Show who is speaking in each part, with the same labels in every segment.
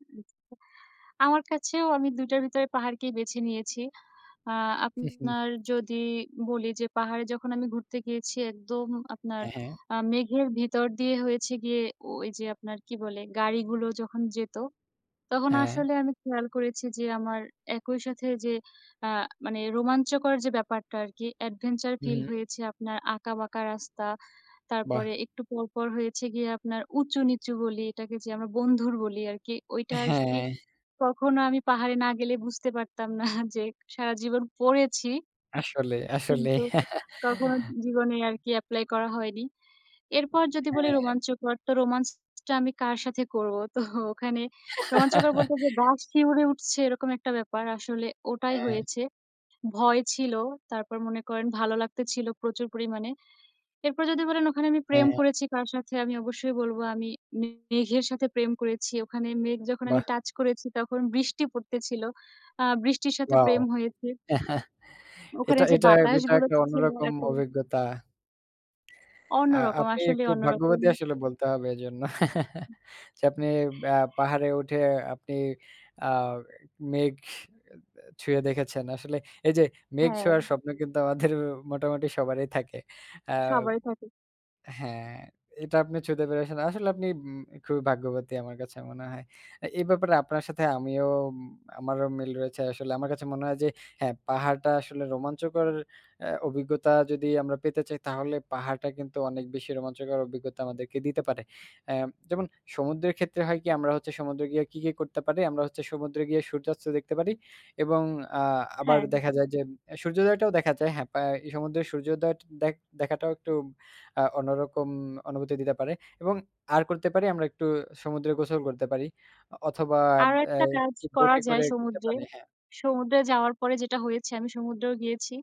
Speaker 1: [unintelligible] আমার কাছেও আমি ২ টার ভিতরে পাহাড়কেই বেছে নিয়েছি। আ
Speaker 2: হু, হুম।
Speaker 1: আপনার যদি বলি যে, পাহাড়ে যখন আমি ঘুরতে গিয়েছি একদম আপনার
Speaker 2: হ্যাঁ, হ্যাঁ।
Speaker 1: আ মেঘের ভিতর দিয়ে হয়েছে গিয়ে ওই যে, আপনার কি বলে? গাড়িগুলো যখন যেত তখন
Speaker 2: হ্যাঁ।
Speaker 1: আসলে আমি খেয়াল করেছি যে, আমার একই সাথে যে, অ্যা মানে রোমাঞ্চকর যে, ব্যাপারটা আর কি, adventure
Speaker 2: হু,
Speaker 1: feel
Speaker 2: হুম।
Speaker 1: হয়েছে। আপনার আঁকা বাঁকা রাস্তা,
Speaker 2: বাহ!
Speaker 1: তারপরে একটু পরপর হয়েছে গিয়ে আপনার উঁচু নিচু গলি এটাকে যে, আমরা বন্ধুর বলি আর কি। ওইটা আরকি
Speaker 2: হ্যাঁ।
Speaker 1: কখনো আমি পাহাড়ে না গেলে বুঝতে পারতাম না যে, সারা জীবন পড়েছি
Speaker 2: আসলে, আসলে।
Speaker 1: কিন্তু কখনো জীবনে আর কি apply করা হয়নি। এরপর যদি বলি
Speaker 2: হ্যাঁ।
Speaker 1: রোমাঞ্চকর তো romance টা আমি কার সাথে করব? তো ওখানে রোমাঞ্চকর বলতে যে, গা শিউরে উঠছে এরকম একটা ব্যাপার। আসলে ওটাই
Speaker 2: হ্যাঁ।
Speaker 1: হয়েছে। ভয় ছিল, তারপর মনে করেন ভালো লাগতে ছিল প্রচুর পরিমাণে। এরপর যদি বলেন ওখানে আমি প্রেম
Speaker 2: হ্যাঁ।
Speaker 1: করেছি কার সাথে? আমি অবশ্যই বলব আমি মে মেঘের সাথে প্রেম করেছি। ওখানে মেঘ যখন আমি
Speaker 2: বাহ!
Speaker 1: touch করেছি তখন বৃষ্টি পড়তে ছিল। আ বৃষ্টির সাথে
Speaker 2: Wow!
Speaker 1: প্রেম হয়েছে। ওখানে
Speaker 2: এটা,
Speaker 1: যে,
Speaker 2: এটা এটা
Speaker 1: বাতাসগুলো
Speaker 2: একটা
Speaker 1: ছি ছিল
Speaker 2: অন্যরকম
Speaker 1: এত
Speaker 2: অভিজ্ঞতা। আ
Speaker 1: অন্যরকম,
Speaker 2: আপনি
Speaker 1: আসলেই
Speaker 2: একটু
Speaker 1: অন্যরকম।
Speaker 2: ভাগ্যবতী আসলে বলতে হবে এজন্য যে, আপনি অ্যা পাহাড়ে উঠে আপনি আ মেঘ এ্যা ছুঁয়ে দেখেছেন। আসলে এই যে, মেঘ
Speaker 1: হ্যাঁ।
Speaker 2: ছোঁয়ার স্বপ্ন কিন্তু আমাদের মোটামুটি সবারই থাকে। অ্যা
Speaker 1: সবাই থাকে।
Speaker 2: হ্যাঁ, এটা আপনি ছুঁতে পেরেছেন। আসলে আপনি উম খুবই ভাগ্যবতী আমার কাছে মনে হয়। আ এই ব্যাপারে আপনার সাথে আমিও আমারও মিল রয়েছে আসলে। আমার কাছে মনে হয় যে, হ্যাঁ, পাহাড়টা আসলে রোমাঞ্চকর অ্যা অভিজ্ঞতা যদি আমরা পেতে চাই তাহলে পাহাড়টা কিন্তু অনেক বেশি রোমাঞ্চকর অভিজ্ঞতা আমাদেরকে দিতে পারে। অ্যা যেমন সমুদ্রের ক্ষেত্রে হয় কি? আমরা হচ্ছে সমুদ্রে গিয়ে কি, কি, করতে পারি? আমরা হচ্ছে সমুদ্রে গিয়ে সূর্যাস্ত দেখতে পারি এবং আ আবার
Speaker 1: হ্যাঁ।
Speaker 2: দেখা যায় যে, সূর্যোদয়টাও দেখা যায়। হ্যাঁ, পা এই সমুদ্রের সূর্যোদয়ট দেখ দেখাটাও একটু আ অন্যরকম অনুভূতি দিতে পারে। এবং আর করতে পারি আমরা একটু সমুদ্রে গোসল করতে পারি। অ অথবা
Speaker 1: আরও
Speaker 2: অ্যা
Speaker 1: একটা কাজ
Speaker 2: একটু
Speaker 1: করা
Speaker 2: বোটে
Speaker 1: যায়
Speaker 2: করে ঘুরতে
Speaker 1: সমুদ্রে।
Speaker 2: পারি, হ্যাঁ।
Speaker 1: সমুদ্রে যাওয়ার পরে যেটা হয়েছে, আমি সমুদ্রেও গিয়েছি।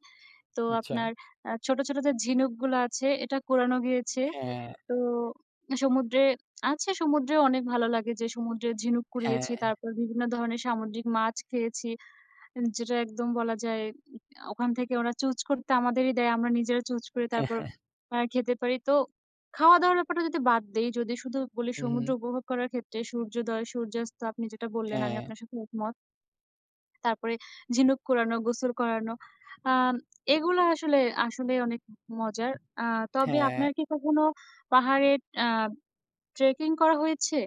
Speaker 1: তো
Speaker 2: আচ্ছা।
Speaker 1: আপনার আ ছোট, ছোট, যে, ঝিনুকগুলো আছে এটা কুরানো হয়েছে।
Speaker 2: হ্যাঁ।
Speaker 1: তো সমুদ্রে আছে সমুদ্রেও অনেক ভালো লাগে যে, সমুদ্রে ঝিনুক
Speaker 2: হ্যাঁ।
Speaker 1: কুড়িয়েছি, তারপর বিভিন্ন ধরনের সামুদ্রিক মাছ খেয়েছি। যেটা একদম বলা যায়, ওখান থেকে ওরা চুজ করতে আমাদেরই দেয়। আমরা নিজেরা চুজ করে
Speaker 2: হ্যাঁ।
Speaker 1: তারপর
Speaker 2: হ্যাঁ।
Speaker 1: আ খেতে পারি। তো খাওয়া-দাওয়ার ব্যাপারটা যদি বাদ দেই, যদি শুধু বলি
Speaker 2: হু,
Speaker 1: সমুদ্র
Speaker 2: হুম।
Speaker 1: উপভোগ করার ক্ষেত্রে সূর্যোদয়, সূর্যাস্ত আপনি যেটা বললেন আমি
Speaker 2: হ্যাঁ।
Speaker 1: আপনার সাথে একমত। তারপরে ঝিনুক কুড়ানো, গোসল করানো আম এগুলা আসলে, আসলেই অনেক মজার আ তবে
Speaker 2: হ্যাঁ।
Speaker 1: আপনার কি কখনো পাহাড়ে আ trekking করা হয়েছে?